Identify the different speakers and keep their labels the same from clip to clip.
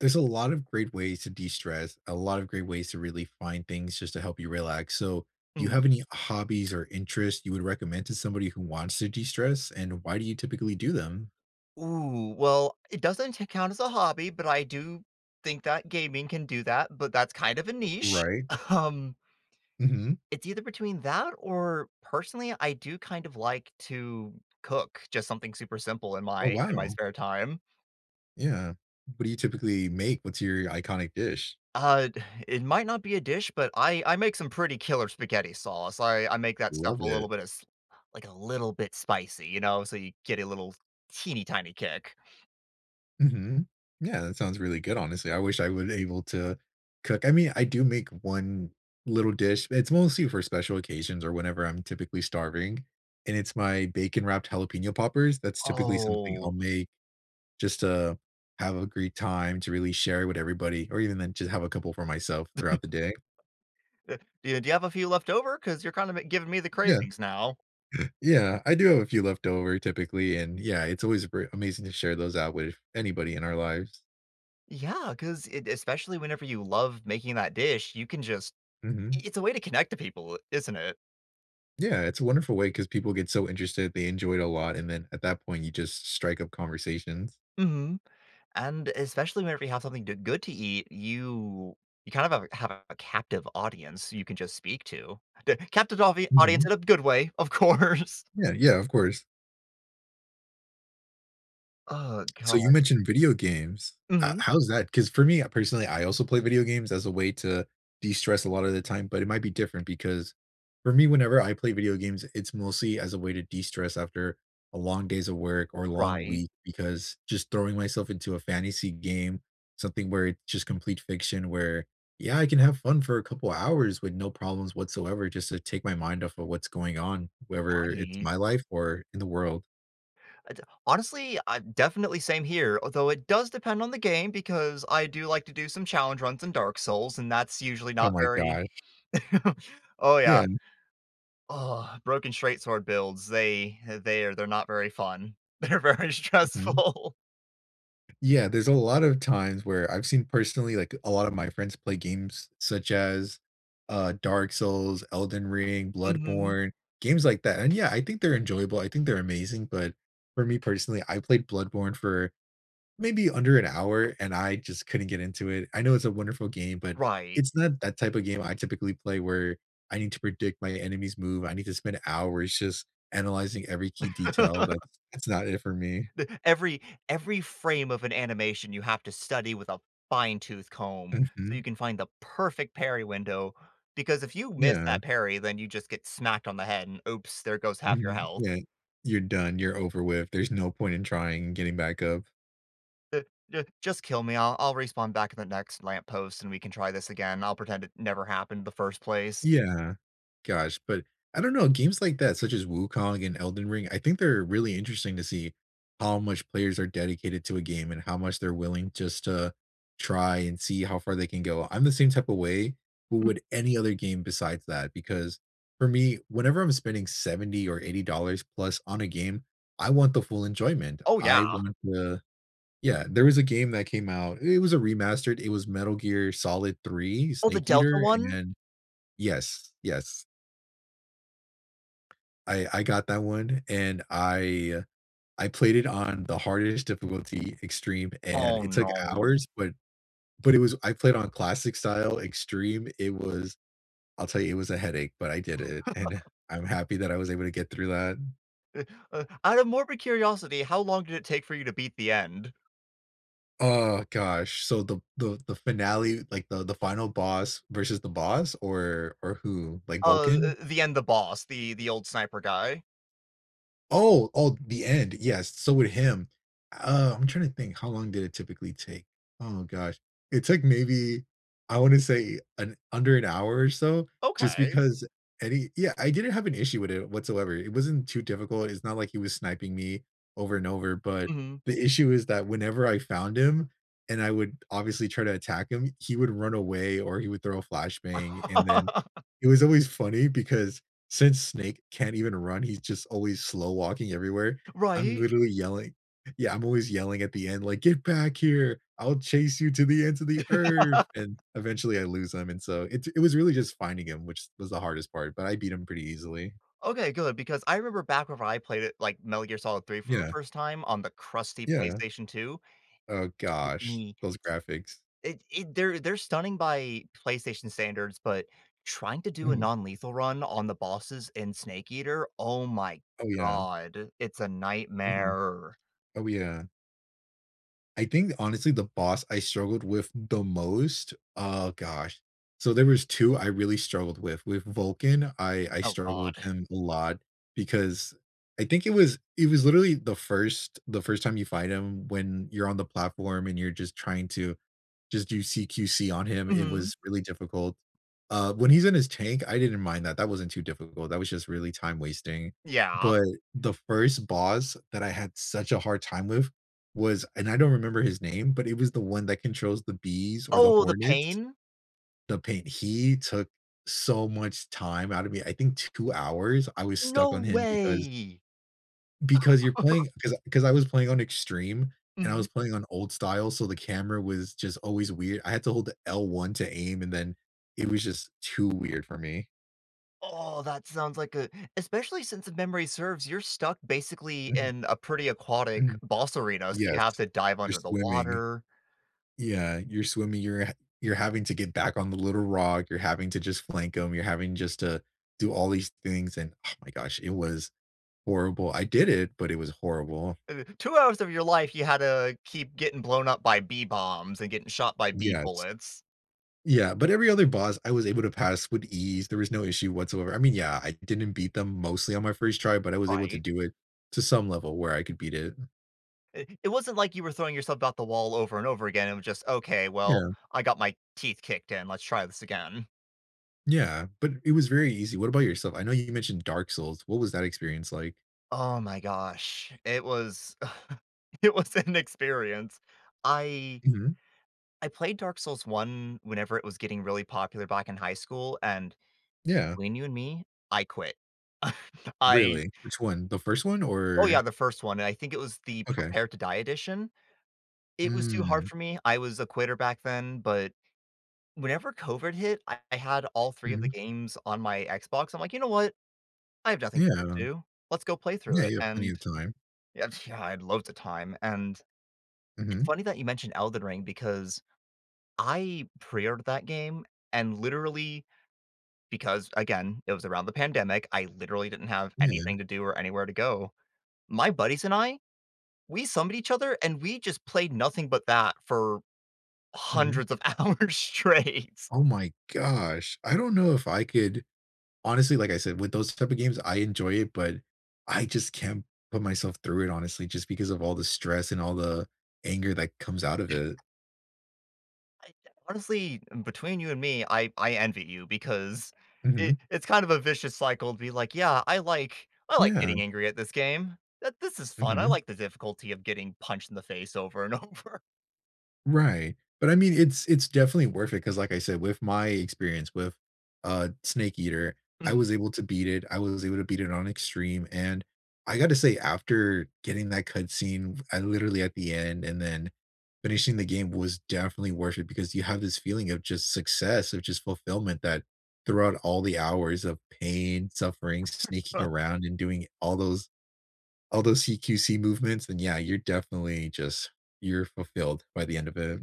Speaker 1: There's a lot of great ways to destress, a lot of great ways to really find things just to help you relax, so do you
Speaker 2: Mm.
Speaker 1: have any hobbies or interests you would recommend to somebody who wants to destress, and why do you typically do them?
Speaker 2: Ooh, well, it doesn't t count as a hobby, but I do think that gaming can do that, but that's kind of a niche,
Speaker 1: Right.
Speaker 2: um
Speaker 1: Mhm.
Speaker 2: it's either between that or personally I do kind of like to cook just something super simple in my
Speaker 1: Oh,
Speaker 2: in my
Speaker 1: wow.
Speaker 2: spare time.
Speaker 1: Yeah. What do you typically make? What's your iconic dish?
Speaker 2: Uh, it might not be a dish, but I I make some pretty killer spaghetti sauce, I I make that stuff
Speaker 1: Love
Speaker 2: a
Speaker 1: it.
Speaker 2: little bit a s like a little bit spicy, you know, so you get a little teeny tiny kick.
Speaker 1: Mhm, yeah that sounds really good, honestly. I wish I was able to cook. I mean, I do make one little dish, but it's mostly for special occasions or whenever I'm typically starving, and it's my bacon-wrapped jalapeno poppers. That's typically something I'll
Speaker 2: Oh.
Speaker 1: make just to have a great time to really share with everybody or even then just have a couple for myself throughout the day.
Speaker 2: Uh, do ya do you have a few leftover? 'Cause you're kind of make giving me the
Speaker 1: Yeah.
Speaker 2: cravings now.
Speaker 1: Yeah, I do have a few leftover typically, and, yeah, it's always gr amazing to share those out with anybody in our lives.
Speaker 2: Yeah, 'cause it especially whenever you love making that dish, you can just i
Speaker 1: Mhm.
Speaker 2: it's a way to connect to people, isn't it?
Speaker 1: Yeah, it's a wonderful way, 'cause people get so interested, they enjoy it a lot, and then, at that point, you just strike up conversations.
Speaker 2: Mhm. And, especially whenever you have something d good to eat, you you kind of have a have a captive audience you can just speak to. Captive auvi audience
Speaker 1: Mhm.
Speaker 2: in a good way, of course.
Speaker 1: Yeah, yeah, of course.
Speaker 2: Ugh,
Speaker 1: So
Speaker 2: gosh.
Speaker 1: you mentioned video games, h
Speaker 2: Mhm.
Speaker 1: how's that? 'Cause for me, personally, I also play video games, as a way to destress a lot of the time, but it might be different because, for me, whenever I play video games, it's mostly as a way to destress after a long days of work, or a long
Speaker 2: Right.
Speaker 1: week, because just throwing myself into a fantasy game, something where it's just complete fiction where, yeah, I can have fun for a couple hours with no problems whatsoever, just to take my mind off of what's going on, whether it's
Speaker 2: Right.
Speaker 1: my life, or in the world.
Speaker 2: Uh, d honestly, uh, definitely, same here, although, it does depend on the game, because I do like to do some challenge runs in Dark Souls, and that's usually
Speaker 1: Oh
Speaker 2: not
Speaker 1: my
Speaker 2: very
Speaker 1: gosh.
Speaker 2: Oh, yeah.
Speaker 1: Yeah.
Speaker 2: Ugh, Broken Straight Sword builds. They they are they're not very fun. They're very
Speaker 1: Mhm.
Speaker 2: stressful.
Speaker 1: Yeah, there's a lot of times where I've seen personally, like, a lot of my friends play games such as, uh, Dark Souls, Elden Ring,
Speaker 2: Mhm.
Speaker 1: Bloodborne, games like that, and, yeah, I think they're enjoyable; I think they're amazing, but for me, personally, I played Bloodborne for maybe under an hour, and I just couldn't get into it. I know it's a wonderful game, but
Speaker 2: Right.
Speaker 1: it's not that type of game I typically play, where I need to predict my enemy's move, I need to spend hours just analyzing every key detail, but that's not it for me.
Speaker 2: D every every frame of an animation, you have to study with a fine tooth comb so you
Speaker 1: Mhm.
Speaker 2: can find the perfect parry window, because if you miss
Speaker 1: Yeah.
Speaker 2: that parry, then you just get smacked on the head and, oops, there goes half your
Speaker 1: Mhm.
Speaker 2: health.
Speaker 1: Yeah. You're done, you're over with, there's no point in trying getting back up.
Speaker 2: J j just kill me, I'll I'll respawn back in the next lamppost, and we can try this again, I'll pretend it never happened the first place.
Speaker 1: Yeah. Gosh, but I don't know, games like that such as, Wukong and Elden Ring, I think they're really interesting to see how much players are dedicated to a game, and how much they're willing just to try and see how far they can go. I'm the same type of way, but
Speaker 2: Hmm.
Speaker 1: with any other game besides that. Because for me, whenever I'm spending $70 or $80 plus on a game, I want the full enjoyment.
Speaker 2: Oh, yeah.
Speaker 1: I want the Yeah. There was a game that came out It was a remastered It was Metal Gear Solid 3:
Speaker 2: Oh, the
Speaker 1: Snake
Speaker 2: Delta
Speaker 1: Eater
Speaker 2: one?
Speaker 1: and Yes, yes. I I got that one and I I played it on the hardest difficulty, extreme, and
Speaker 2: Oh,
Speaker 1: it took
Speaker 2: no.
Speaker 1: hours, but but it was I played on classic style extreme, it was I'll tell you, it was a headache, but I did it. And I'm happy that I was able to get through that.
Speaker 2: Out of morbid curiosity, how long did it take for you to beat the end?
Speaker 1: Uh, gosh, so the the the finale like, the the final boss versus the boss or or who? Like,
Speaker 2: Oh, eh
Speaker 1: Vulcan?
Speaker 2: the end the boss, the the old sniper guy.
Speaker 1: Oh, oh, the end, yes. So with him, um, I'm trying to think how long did it typically take. Oh gosh, it took maybe, I wanna say, an under an hour or so just
Speaker 2: Okay.
Speaker 1: because any Yeah, I didn't have an issue with it whatsoever, it wasn't too difficult, it's not like he was sniping me over and over, but
Speaker 2: Mhm.
Speaker 1: the issue is that whenever I found him, and I would obviously try to attack him, he would run away or he would throw a flashbang, and then it was always funny because since Snake can't even run, he's just always slow walking everywhere. I'm
Speaker 2: Right.
Speaker 1: literally yelling Yeah, I'm always yelling at the end, like," Get back here, I'll chase you to the ends of the Earth," and eventually, I lose him, and so it it was really just finding him, which was the hardest part, but I beat him pretty easily.
Speaker 2: Okay, good, because I remember back when I played it, like, Metal Gear Solid 3 for the
Speaker 1: Yeah.
Speaker 2: 1st time on the crusty
Speaker 1: Yeah.
Speaker 2: PlayStation 2,
Speaker 1: Oh
Speaker 2: took
Speaker 1: gosh,
Speaker 2: me
Speaker 1: those graphics.
Speaker 2: f it it they're they're stunning by PlayStation standards, but trying to do a
Speaker 1: Mhm.
Speaker 2: non-lethal run on the bosses and Snake Eater, oh my
Speaker 1: Oh, yeah.
Speaker 2: god, it's a
Speaker 1: Mhm.
Speaker 2: nightmare.
Speaker 1: Oh, yeah. I think, honestly, the boss I struggled with the most oh, gosh. So there was 2 I really struggled with. With Vulcan, I I
Speaker 2: Oh
Speaker 1: struggled
Speaker 2: god.
Speaker 1: with him a lot, because I think it was it was literally the first the first time you fight him, when you're on the platform and you're just trying to just do CQC on him, it
Speaker 2: Mhm.
Speaker 1: was really difficult. Uh, when he's in his tank, I didn't mind that, that wasn't too difficult, that was just really time wasting.
Speaker 2: Yeah.
Speaker 1: But, the first boss that I had such a hard time with was and I don't remember his name- but it was the one that controls the bees or the
Speaker 2: Oh, The
Speaker 1: hornets.
Speaker 2: Pain?
Speaker 1: The Pain he took so much time out of me. I think 2 hours, I was stuck
Speaker 2: No
Speaker 1: on him because
Speaker 2: way!
Speaker 1: because you're playing 'cause 'cause I was playing on extreme, and I
Speaker 2: Mm.
Speaker 1: was playing on old style, so the camera was just always weir I had to hold the L1 to aim, and then it was just too weird for me.
Speaker 2: Oh, that sounds like a especially since if memory serves, you're stuck basically
Speaker 1: Mhm.
Speaker 2: in a pretty aquatic
Speaker 1: Mhm.
Speaker 2: boss arena, so you have
Speaker 1: Yes.
Speaker 2: to dive
Speaker 1: You're
Speaker 2: under the
Speaker 1: swimming.
Speaker 2: water.
Speaker 1: Yeah, you're swimming. You're ha you're having to get back on the little rock. You're having to just flank 'em. You're having just to do all these things, and, oh my gosh, it was horrible. I did it, but it was horrible.
Speaker 2: Uh, 2 hours of your life, you had to keep getting blown up by B-Bombs and getting shot by
Speaker 1: Yes.
Speaker 2: B-Bullets.
Speaker 1: Yeah, but every other boss, I was able to pass with ease, there was no issue whatsoever. I mean, yeah, I didn't beat them mostly on my first try, but I was able to
Speaker 2: Right.
Speaker 1: do it to some level where I could beat it.
Speaker 2: I It wasn't like you were throwing yourself out the wall over and over again. It was just, "Okay well,
Speaker 1: Yeah.
Speaker 2: I got my teeth kicked in let's try this again."
Speaker 1: Yeah, but it was very easy. What about yourself? I know you mentioned Dark Souls. What was that experience like?
Speaker 2: Oh my gosh. It was, it was an experience. I
Speaker 1: Mhm.
Speaker 2: I played Dark Souls one, whenever it was getting really popular back in high school, and,
Speaker 1: Yeah.
Speaker 2: between you and me, I quit. I
Speaker 1: Really? Which one? The first one?
Speaker 2: oh, yeah
Speaker 1: Or
Speaker 2: the first one, and I think it was the
Speaker 1: okay.
Speaker 2: Prepared to Die edition. It was too hard
Speaker 1: Mm.
Speaker 2: for me. I was a quitter back then, but, whenever COVID hit, I had all 3 of the
Speaker 1: Mhm.
Speaker 2: games on my Xbox. I'm like, "You know what? I have nothing
Speaker 1: Yeah.
Speaker 2: better to do. Let's go play
Speaker 1: Yeah
Speaker 2: through it."
Speaker 1: you have plenty
Speaker 2: And,
Speaker 1: of time.
Speaker 2: yeah, I had loads of time. And it's
Speaker 1: Mhm.
Speaker 2: funny that you mentioned Elden Ring because, I pre-ordered that game and literally, because, again, it was around the pandemic, I literally didn't have
Speaker 1: Yeah.
Speaker 2: anything to do or anywhere to go. My buddies and I, we summoned each other, and we just played nothing but that, for
Speaker 1: Mhm.
Speaker 2: 100's of hours straight.
Speaker 1: Oh my gosh. I don't know if I could, honestly like I said, with those type of games I enjoy it but, I just can't, put myself through it honestly, just because of all the stress and all the, anger that comes out of it.
Speaker 2: I, uh, honestly, between you and me, I I envy you, because i
Speaker 1: Mhm.
Speaker 2: it's kind of a vicious cycle to be like, "Yeah. I like I like
Speaker 1: Yeah.
Speaker 2: getting angry at this game. Th this is fun. I
Speaker 1: Mhm.
Speaker 2: like the difficulty of getting punched in the face over and over."
Speaker 1: Right. But, I mean, it's it's definitely worth it, 'cause, I said, with my experience with, uh, Snake Eater, I
Speaker 2: Mhm.
Speaker 1: was able to beat it; I was able to beat it on extreme, and, I gotta say, after getting that cutscene, I literally at the end, and then finishing the game was definitely worth it, because you have this feeling of just success, of just fulfillment that, throughout all the hours of pain, suffering, sneaking around and doing all those all those CQC movements, then yeah, you're definitely just you're fulfilled by the end of it.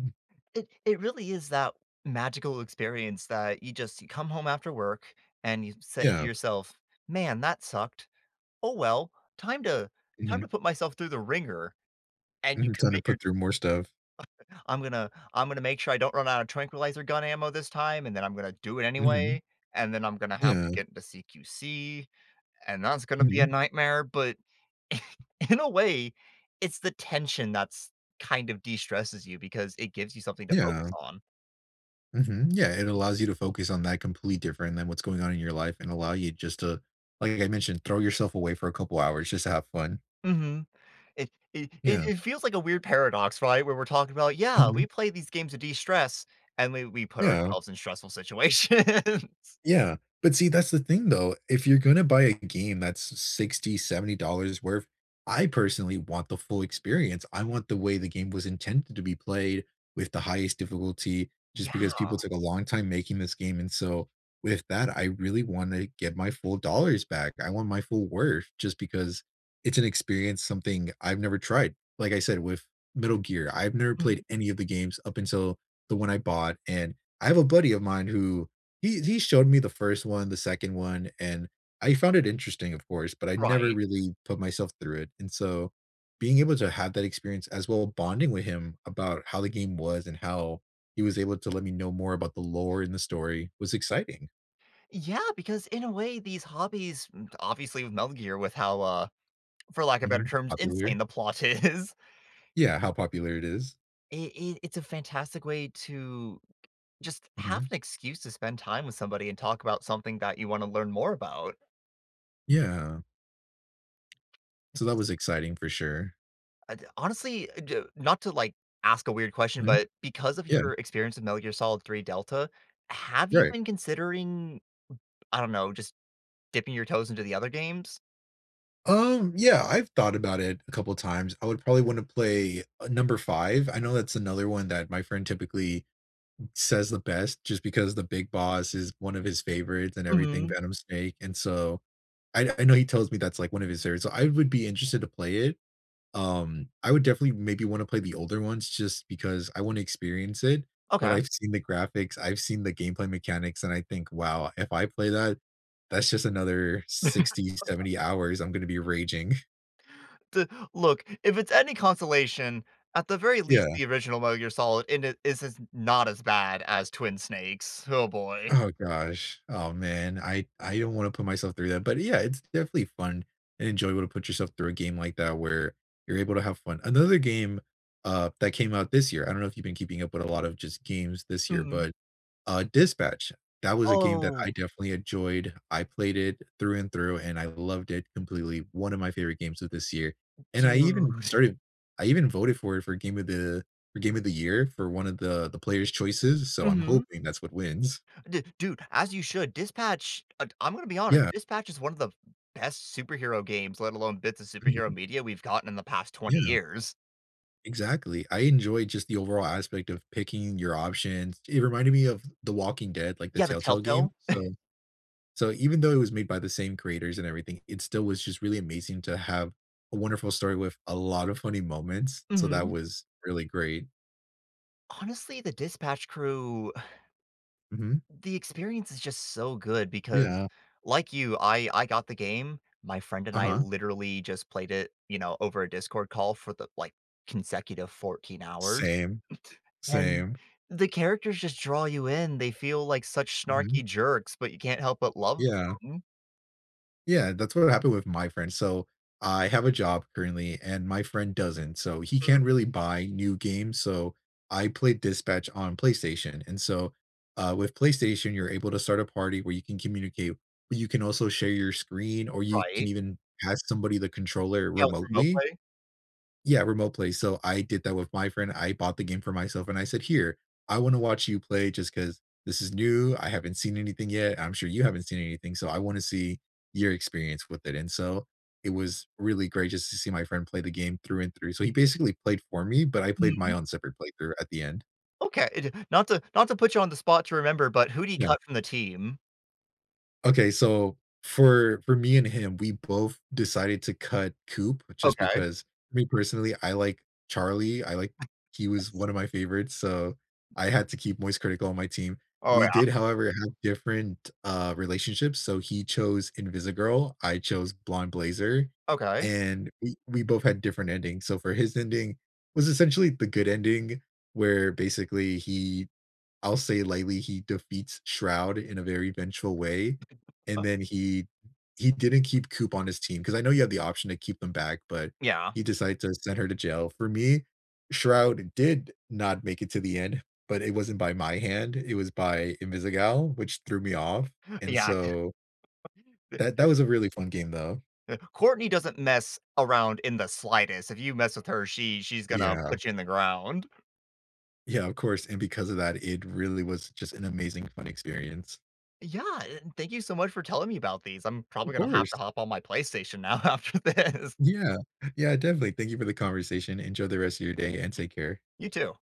Speaker 2: It it really is that magical experience that, you just you come home after work, and you say to
Speaker 1: Yeah.
Speaker 2: yourself, "Man, that sucked. Oh, well! Time to time
Speaker 1: Mhm.
Speaker 2: to put myself through the wringer," and you
Speaker 1: Mhm. Time to
Speaker 2: commit your
Speaker 1: put through more stuff.
Speaker 2: "I'm gonna I'm gonna make sure I don't run out of tranquilizer gun ammo this time, and then I'm gonna do it
Speaker 1: Mhm.
Speaker 2: anyway and then I'm gonna have to
Speaker 1: Yeah.
Speaker 2: get the CQC, and that's gonna be a
Speaker 1: Mhm.
Speaker 2: nightmare," but in a way, it's the tension that's kind of destresses you, because it gives you something to focus
Speaker 1: Yeah.
Speaker 2: on.
Speaker 1: Mhm, yeah, it allows you to focus on that complete different than what's going on in your life and allow you just to, like, I mentioned, throw yourself away for a couple hours just to have fun.
Speaker 2: Mhm. It it it
Speaker 1: Yeah.
Speaker 2: it feels like a weird paradox, right, where we're talking about, "Yeah,
Speaker 1: Mhm.
Speaker 2: we play these games of destress, and we we put
Speaker 1: Yeah.
Speaker 2: ourselves in stressful situations.
Speaker 1: Yeah. But see, that's the thing though, if you're gonna buy a game that's 60, 70 dollars worth, I personally want the full experience, I want the way the game was intended to be played with the highest difficulty just
Speaker 2: Yeah.
Speaker 1: because people took a long time making this game, and so with that, I really wanna get my full dollars back, I want my full worth just because it's an experience, something I've never tried. Like I said, with Metal Gear, I've never
Speaker 2: Mhm.
Speaker 1: played any of the games up until the one I bought, and I have a buddy of mine who, he he showed me the 1st one, the 2nd one, and I found it interesting, of course, but I never
Speaker 2: Right.
Speaker 1: really put myself through it. And so, being able to have that experience as well bonding with him about how the game was and how he was able to let me know more about the lore and the story, was exciting.
Speaker 2: Yeah, because in a way, these hobbies m obviously with Metal Gear, with how, uh, for lack of better
Speaker 1: Mhm.
Speaker 2: terms, insane
Speaker 1: Popular.
Speaker 2: the plot is.
Speaker 1: Yeah, how popular it is.
Speaker 2: It it it's a fantastic way to just have
Speaker 1: Mhm.
Speaker 2: an excuse to spend time with somebody, and talk about something that you wanna learn more about.
Speaker 1: Yeah. So that was
Speaker 2: [unintelligible]
Speaker 1: exciting, for sure.
Speaker 2: Uh, d Honestly, uh, d not to, like, ask a weird question,
Speaker 1: Mhm.
Speaker 2: but because of
Speaker 1: Yeah.
Speaker 2: your experience in Metal Gear Solid Three Delta, have you
Speaker 1: Right.
Speaker 2: been considering, I don't know, just dipping your toes into the other games?
Speaker 1: Um, yeah. I've thought about it a couple times. I would probably wanna play, uh, number 5. I know that's another one that my friend typically says the best, just because the big boss is one of his favorites and everything,
Speaker 2: Mhm.
Speaker 1: Venom Snake. And so, I I know he tells me that's, like, one of his favorites. So I would be interested to play it. Um, I would definitely maybe wanna play the older ones, just because I wanna experience it. But
Speaker 2: Okay.
Speaker 1: I've seen the graphics, I've seen the gameplay mechanics, and I think, "Wow. If I play that, that's just another 60, 70 hours I'm gonna be raging."
Speaker 2: D Look, if it's any consolation, at the very least,
Speaker 1: Yeah.
Speaker 2: the original Metal Gear Solid, in it is is not as bad as Twin Snakes. Oh, boy.
Speaker 1: Oh, gosh. Oh, man. I I don't wanna put myself through that. But, yeah, it's definitely fun and enjoyable to put yourself through a game like that where you're able to have fun. Another game, uh, that came out this year I don't know if you've been keeping up with a lot of just games this year,
Speaker 2: Mhm.
Speaker 1: but, uh, Dispatch, that was a game that
Speaker 2: Oh.
Speaker 1: I definitely enjoyed. I played it through and through, and I loved it completely. One of my favorite games of this year. And I even
Speaker 2: Dude.
Speaker 1: started I even voted for it for Game of the for Game of the Year for one of the the Player's Choices, so I'm
Speaker 2: Mhm.
Speaker 1: hoping that's what wins.
Speaker 2: D Dude, as you should. Dispatch I I'm gonna be honest.
Speaker 1: Yeah.
Speaker 2: Dispatch is one of the best superhero games, let alone bits of superhero
Speaker 1: Mhm.
Speaker 2: media we've gotten in the past 20
Speaker 1: Yeah.
Speaker 2: years.
Speaker 1: Exactly. I enjoyed just the overall aspect of picking your options. It reminded me of The Walking Dead, like, the
Speaker 2: Yeah, the
Speaker 1: Telltale game.
Speaker 2: Telltale?
Speaker 1: So so even though it was made by the same creators and everything, it still was just really amazing to have a wonderful story with a lot of funny moments, so that
Speaker 2: Mhm.
Speaker 1: was really great.
Speaker 2: Honestly, the Dispatch crew
Speaker 1: Mhm.
Speaker 2: The experience is just so good because,
Speaker 1: Yeah.
Speaker 2: like you, I I got the game. My friend and I
Speaker 1: Uh-huh.
Speaker 2: literally just played it, you know, over a Discord call for the, like, consecutive 14 hours,
Speaker 1: Same.
Speaker 2: and,
Speaker 1: Same.
Speaker 2: the characters just draw you in. They feel like such snarky
Speaker 1: Mhm.
Speaker 2: jerks, but you can't help but love
Speaker 1: Yeah.
Speaker 2: them.
Speaker 1: Yeah, that's what happened with my friend. So, I have a job currently, and my friend doesn't, so he
Speaker 2: Mhm.
Speaker 1: can't really buy new games, so I played Dispatch on PlayStation, and so, uh, with PlayStation, you're able to start a party where you can communicate, but you can also share your screen, or you can
Speaker 2: Right.
Speaker 1: even pass somebody the controller
Speaker 2: Yeah, with Remote
Speaker 1: remotely.
Speaker 2: Play?
Speaker 1: Yeah, Remote Play. So, I did that with my friend. I bought the game for myself, and I said, "Here. I wanna watch you play just 'cause this is new. I haven't seen anything yet. I'm sure you haven't seen anything, so I wanna see your experience with it." And so, it was really great just to see my friend play the game through and through. So he basically played for me, but I played my
Speaker 2: Mhm.
Speaker 1: own separate playthrough at the end.
Speaker 2: Okay, not to not to put you on the spot to remember, but who'd he
Speaker 1: Yeah.
Speaker 2: cut from the team?
Speaker 1: Okay, so, for for me and him, we both decided to cut Coop, just
Speaker 2: Okay.
Speaker 1: because, me, personally, I like Charlie. I like he was one of my favorites, so I had to keep Moist Critical on my team.
Speaker 2: Oh,
Speaker 1: We
Speaker 2: yeah.
Speaker 1: did, however, have different, uh, relationships. So, he chose Invisigirl. I chose Blonde Blazer,
Speaker 2: Okay.
Speaker 1: and, we we both had different endings. So for his ending, it was essentially the good ending where, basically, he I'll say lightly, he defeats Shroud in a very vengeful way, and
Speaker 2: Uh.
Speaker 1: then he he didn't keep Coop on his team, 'cause I know you have the option to keep them back, but
Speaker 2: Yeah.
Speaker 1: he decided to send her to jail, for me, Shroud did not make it to the end, but it wasn't by my hand. It was by Invisigal, which threw me off, and
Speaker 2: Yeah.
Speaker 1: so that that was a really fun game, though.
Speaker 2: Uh, Courtney doesn't mess around in the slightest. If you mess with her, she she's gonna
Speaker 1: Yeah.
Speaker 2: put you in the ground.
Speaker 1: Yeah, of course, and because of that, it really was just an amazing, fun experience.
Speaker 2: Yeah. Eh, thank you so much for telling me about these, I'm probably
Speaker 1: Of
Speaker 2: gonna have to
Speaker 1: course.
Speaker 2: hop on my PlayStation now after this.
Speaker 1: Yeah. Yeah, definitely. Thank you for the conversation. Enjoy the rest of your day, and
Speaker 2: Eh
Speaker 1: take care.
Speaker 2: You too.